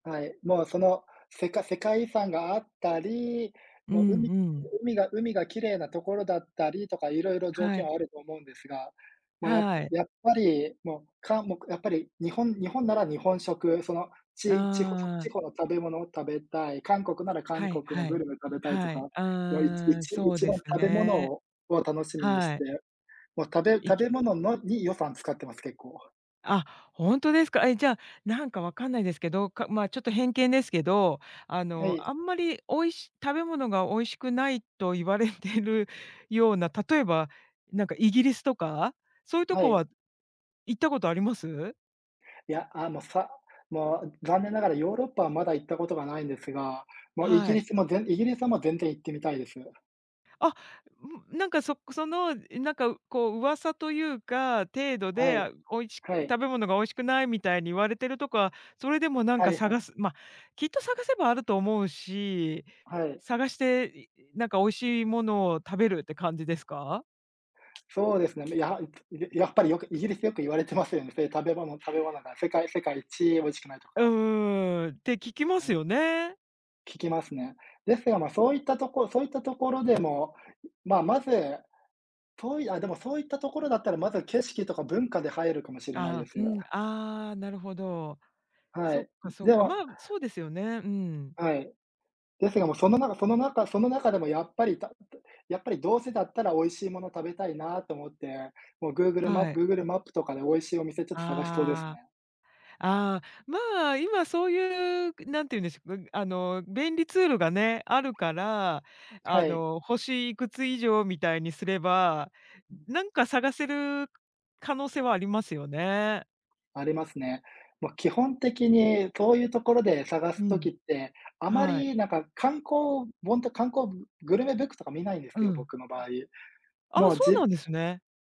はい。もう、その、せか世界遺産があったり、うもう海んううん。海が海が綺麗なところだったりとか、色々条は件い。はあると思うんですが、も、やはい。やっぱり、もう、かんもくやっぱり日本日本なら日本食、その、あちちほしょちあ。ほの食べ物を食べたい、韓国なら韓はい、国のはグい。ルメ食べたいとはか、い、も、いちいああ、ちそう一で番す食べ物ね。をを楽しみにしはい。て、も、食べい食きべ物のに、予算使ってます、結構。あ、ほんとですか？え、じゃ、なんかわかんないですけど、かまあ、ちょっと偏見ですけど、あはの、い。あんまり美味し食べ物が美味しくないと言われてるような、例えばなんかイギリスとか、そういうとはこい。は行ったことあります？いや、あのさ、もう、残念ながらヨーロッパはまだ行ったことがないんですが、もう、イギはリい。スもぜんイギリスはもう、全然行ってみたいです。あ、うん、なんか、そその、いなんか、うこう、噂というか、程度はで、あ、い。美味しはい。食べ物が美味しくないみたいに言われてるとこは、それでもなんはかいは探い。すま、きっと探せばあると思うし、はい。探して、いいなんか美味しいものを食べるって感じですか？そうですね、めやんといでやっぱりよく、イギリスよく言われてますよね、そういう食べ物食べ物が、世うん。界世界一美味しくないとうんか。うんうん、って聞きまはすい。よね。聞きますね。ですが、ま、そういったとこそういったところでも、うまあ、まず、遠いあ、でもそういったところだったら、まず景色とか文化で入るかもしれないあであ、すうよ。ん、ああ、なるほど。はそっい、うかん、そっでか、まあ、もそうですよね、うん。はい。ですが、もう、その中その中その中でもやっぱり、たどやっぱり、どうせだったら美味しいもの食べたいなと思って、もう、Google マはい。Google マップとかで美味しいお店ちょっと探しそうですああ。ね。ああ、まあ、今そういう、ぐなんていうんでしょ、ぐあの、便利ツールがね、あるから、はあい。の、星いくつ以上みたいにすれば、うん。ん、なんか探せる可能性はありますよね。ありますね。ま、基本的に、とういうところで探うす時ん。って、あまはい。りなんか、観光本と観光ぐグルメブックとか見ないんでうすよ、ん。僕の場合。ああ、もう、そうじなんですね。